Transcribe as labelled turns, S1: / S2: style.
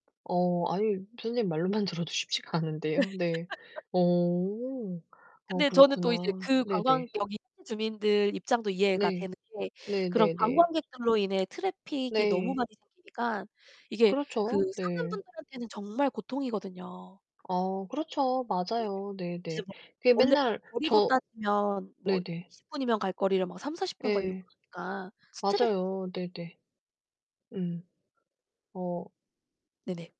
S1: 어 아니 선생님 말로만 들어도 쉽지가 않은데요. 네. 어. 아
S2: 근데 저는 또 이제
S1: 그렇구나.
S2: 그 관광
S1: 네네.
S2: 여기 현지 주민들 입장도 이해가
S1: 네.
S2: 되는 게 그런
S1: 네네네.
S2: 관광객들로 인해 트래픽이 너무
S1: 네.
S2: 많이 생기니까 이게 그
S1: 그렇죠.
S2: 사는
S1: 네.
S2: 분들한테는 정말 고통이거든요.
S1: 어 그렇죠.
S2: 네
S1: 맞아요.
S2: 진짜
S1: 네네.
S2: 뭐
S1: 그게
S2: 원래
S1: 맨날
S2: 거리로
S1: 저
S2: 따지면 뭐
S1: 네네.
S2: 20 분 이면 갈 거리를 막 30~40 분 걸리고
S1: 예.
S2: 그러니까 스트레스
S1: 맞아요. 네네. 음. 어.
S2: 네네.